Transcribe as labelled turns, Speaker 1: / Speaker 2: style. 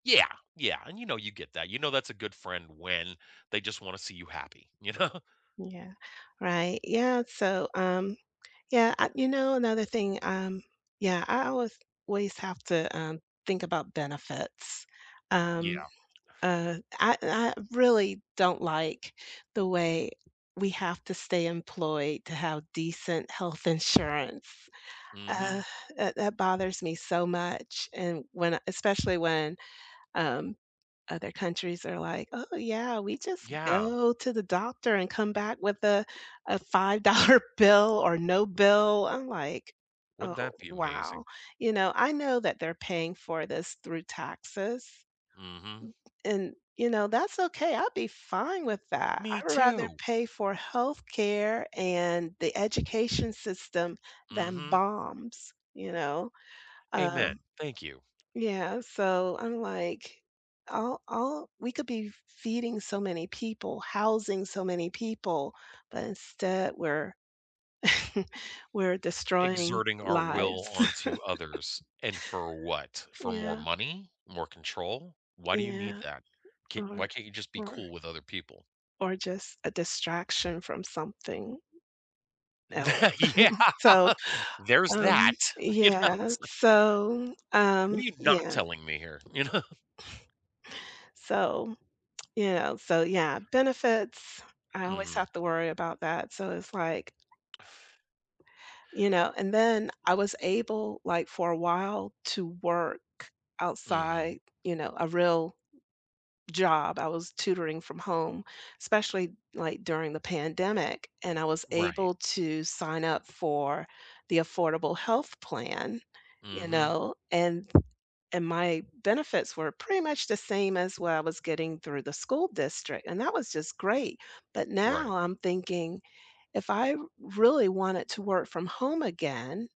Speaker 1: Yeah, yeah, and, you know, you get that, you know that's a good friend when they just wanna see you happy, you know?
Speaker 2: Yeah. Right, yeah, so, um, yeah, I you know, another thing, um, yeah, I always ways have to, um, think about benefits, um,
Speaker 1: Yeah.
Speaker 2: uh, I n I really don't like the way we have to stay employed to have decent health insurance. Uh,
Speaker 1: Mhm.
Speaker 2: that that bothers me so much, and, when I especially when, um, other countries are like, "Oh, yeah, we just
Speaker 1: Yeah.
Speaker 2: go to the doctor and come back with a a five-dollar bill, or no bill," I'm like,
Speaker 1: Wouldn't
Speaker 2: "Oh
Speaker 1: that be amazing?
Speaker 2: wow," you know, I know that they're paying for this through taxes,
Speaker 1: Mhm.
Speaker 2: b and, you know, that's okay, I'd be fine with that,
Speaker 1: Me
Speaker 2: I'd rather
Speaker 1: too.
Speaker 2: pay for healthcare and the education system, than
Speaker 1: Mhm.
Speaker 2: bombs, you know? Uh
Speaker 1: Amen, thank you.
Speaker 2: yeah, so I'm like, all all we could be f feeding so many people, housing so many people, but instead we're we're destroying
Speaker 1: Exerting our
Speaker 2: lives.
Speaker 1: will onto others, and for what? For more
Speaker 2: Yeah.
Speaker 1: money? More control? Why do you need
Speaker 2: Yeah,
Speaker 1: that? Ca
Speaker 2: or,
Speaker 1: why can't you just be
Speaker 2: or
Speaker 1: cool with other people?
Speaker 2: or just a distraction from something else,
Speaker 1: Tha yeah.
Speaker 2: so,
Speaker 1: There's
Speaker 2: um,
Speaker 1: that, you know,
Speaker 2: yeah,
Speaker 1: it's like
Speaker 2: so,
Speaker 1: "What are
Speaker 2: um,
Speaker 1: you not
Speaker 2: yeah.
Speaker 1: telling me here?" You know?
Speaker 2: So, you know, so, yeah, benefits, I always
Speaker 1: Mhm.
Speaker 2: have to worry about that, so, it's like you know, and then I was able, like, for a while to work outside,
Speaker 1: Mhm.
Speaker 2: you know, a real job, I was tutoring from home, especially, like, during the pandemic, and I was
Speaker 1: Right.
Speaker 2: able to sign up for the affordable health plan, you
Speaker 1: Mhm.
Speaker 2: know, and and my benefits were pretty much the same as what I was getting through the school district, and that was just great, but
Speaker 1: Right.
Speaker 2: now, I'm thinking if I really wanted to work from home again